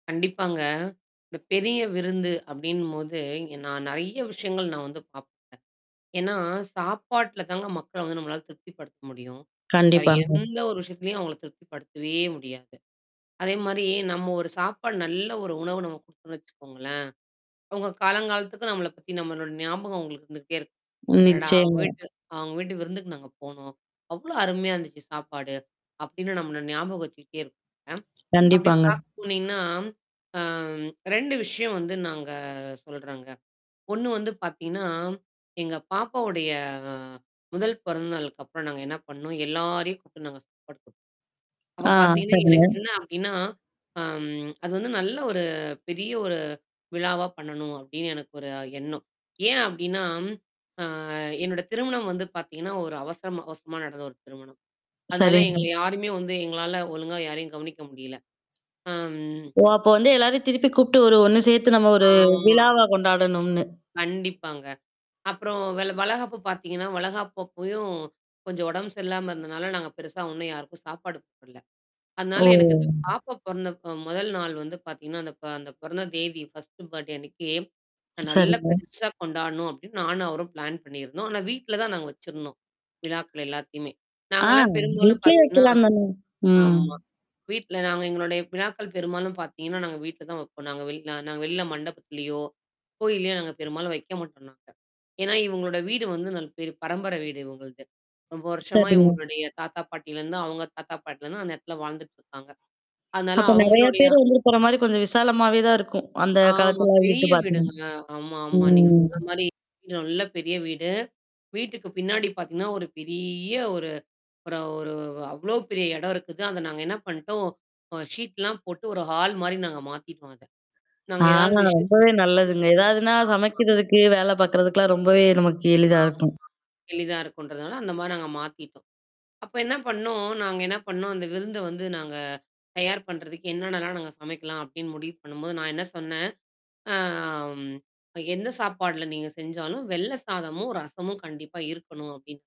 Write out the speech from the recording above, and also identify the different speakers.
Speaker 1: கண்டிப்பாங்க. இந்த பெரிய விருந்து அப்படின்னும்போது, நான் நெறைய விஷயங்கள் நான் வந்து பாப்பேன். ஏன்னா, சாப்பாட்டுல தாங்க மக்கள வந்து நம்மளால திருப்தி படுத்த முடியும். வேற
Speaker 2: கண்டிப்பாங்க.
Speaker 1: எந்த ஒரு விஷயத்தலயும் அவங்கள திருப்திப்படுத்தவே முடியாது. அதே மாரி, நம்ம ஒரு சாப்பாடு, நல்ல ஒரு உணவு, நம்ம குடுத்தோம்னு வெச்சுக்கோங்களேன், அவங்க காலங்காலத்துக்கு நம்மள பத்தி, நம்மளோட ஞாபகம் அவங்களுக்கு இருந்துகிட்டே இருக்கும். "அடடா! அவங்க
Speaker 2: நிச்சியமா.
Speaker 1: வீட்டு அவங்க வீட்டு விருந்துக்கு நாங்க போனோம். அவ்ளோ அருமையா இருந்துச்சு சாப்பாடு." அப்படின்னு நம்மள ஞாபகம் வெச்சுக்கிட்டே இருப்பாங்க. அப்டி
Speaker 2: கண்டிப்பாங்க.
Speaker 1: பாக்க போனீங்கன்னா, ஆம், 2 விஷயம் வந்து நாங்க சொல்றேங்க. ஒண்ணு வந்து பாத்தீங்கன்னா, எங்க பாப்பாவுடைய ஆ, 1 பிறந்த நாளுக்கு அப்பறம் நாங்க என்ன பண்ணோம்? எல்லாரையும் கூப்பிட்டு நாங்க சாப்பாடு குடுத்தோம். அப்ப
Speaker 2: ஆ,
Speaker 1: பார்த்தீங்கன்னா,
Speaker 2: சரிங்க.
Speaker 1: எனக்கு என்னா அப்படின்னா, ஆ, அது வந்து நல்ல ஒரு பெரிய ஒரு, விழாவா பண்ணணும் அப்படின்னு எனக்கு ஒரு எண்ணம். ஏன் அப்படின்னா, ஆ, என்னோட திருமணம் வந்து பாத்தீங்கன்னா, ஒரு அவசரமா அவசரமா நடந்த ஒரு திருமணம். அதனால
Speaker 2: சரிங்க.
Speaker 1: எங்கள யாருமே வந்து எங்களால ஒழுங்கா யாரையும் கவனிக்க முடியல. ஆம்.
Speaker 2: ஓ, அப்போ வந்து எல்லாரையும் திருப்பி கூப்பிட்டு, ஒரு ஒண்ணு சேர்த்து நம்ம ஒரு
Speaker 1: ஆ.
Speaker 2: விழாவா கொண்டாடணும்னு.
Speaker 1: கண்டிப்பாங்க. அப்புறம் வெள வளகாப்பு பாத்தீங்கன்னா, வளகாப்பு அப்பயும், கொஞ்சம் உடம்பு சரியில்லாம இருந்தனால, நாங்க பெருசா ஒண்ணும் யாருக்கும் சாப்பாடு போடல. அதனால,
Speaker 2: ஓ!
Speaker 1: எனக்கு இந்த பாப்பா பொறந்தப்ப 1 நாள் வந்து பாத்தீங்கன்னா, அந்த ப அந்த பொறந்த தேதி ஃபர்ஸ்ட் பர்த்டே அன்னைக்கு நல்ல
Speaker 2: சரிங்க.
Speaker 1: பெருசா கொண்டாடணும் அப்படின்னு நானும் அவரும் பிளான் பண்ணியிருந்தோம். ஆனா, வீட்ல தான் நாங்க வெச்சிருந்தோம். விழாக்கள் எல்லாத்தையுமே.
Speaker 2: ஆ,
Speaker 1: நாங்கலாம் பெரும்பாலும்
Speaker 2: வீட்லயே
Speaker 1: பாத்தீங்கன்னா
Speaker 2: வைக்கலாம் தானே. ம்.
Speaker 1: ஆமா, வீட்ல நாங்க எங்களுடைய விழாக்கள் பெரும்பாலும் பாத்தீங்கன்னா, நாங்க வீட்ல தான் வைப்போம். நாங்க வெள நா நாங்க வெளில மண்டபத்திலயோ, கோவில்லயோ நாங்க பெரும்பாலும் வைக்க மாட்டோம் நாங்க. ஏன்னா, இவங்களோட வீடு வந்து ந பேரு பரம்பர வீடு இவுங்கள்து. ரொம்ப வருஷமா
Speaker 2: சரிங்க.
Speaker 1: இவங்களுடைய தாத்தா, பாட்டியிலருந்தும், அவங்க தாத்தா பாட்டிலருந்து அந்த இடத்துல வாழ்ந்துட்டு இருக்காங்க. அதனால,
Speaker 2: அப்ப நெறைய
Speaker 1: அவங்களுடைய
Speaker 2: பேர் வந்து இருக்கற மாரி, கொஞ்சம் விசாலமாவே தான் இருக்கும். அந்த
Speaker 1: ஆமா,
Speaker 2: காலத்துலலாம்
Speaker 1: பெரிய
Speaker 2: வீட்டு பாத்தீங்க.
Speaker 1: வீடுங்க. ஆமா, ஆமா. நீங்க
Speaker 2: ம்.
Speaker 1: சொன்ன மாரி, வீடு நல்ல பெரிய வீடு. வீட்டுக்கு பின்னாடி பாத்தீங்கன்னா, ஒரு பெரிய ஒரு அப்பறம் ஒரு அவ்ளோ பெரிய இடம் இருக்குது. அத நாங்க என்ன பண்ணிட்டோம். அ, ஷீட்லாம் போட்டு, ஒரு ஹால் மாரி நாங்க மாத்திட்டுடோம் அத. நாங்க
Speaker 2: ஆ,
Speaker 1: ஏதாவது விசேஷம்
Speaker 2: ரொம்பவே
Speaker 1: வெக்கப்போன,
Speaker 2: நல்லதுங்க. ஏதாவதுன்னா,
Speaker 1: ஆமா
Speaker 2: சமைக்கிறதுக்கு, வேல பாக்கறதுக்குலாம் ரொம்பவே நமக்கு எளிதா
Speaker 1: ஆமா,
Speaker 2: இருக்கும்.
Speaker 1: எளிதா இருக்குன்றதுனால அந்த மாரி நாங்க மாத்திட்டோம். அப்ப என்ன பண்ணோம்? நாங்க என்ன பண்ணோம்? அந்த விருந்த வந்து நாங்க தயார் பண்றதுக்கு என்னென்னலாம் நாங்க சமைக்கலாம் அப்படின்னு முடிவு பண்ணும்போது, நான் என்ன சொன்னேன்? ஆ, ம், என்ன சாப்பாடுல நீங்க செஞ்சாலும், வெள்ள சாதமும், ரசமும் கண்டிப்பா இருக்கணும் அப்படின்னு.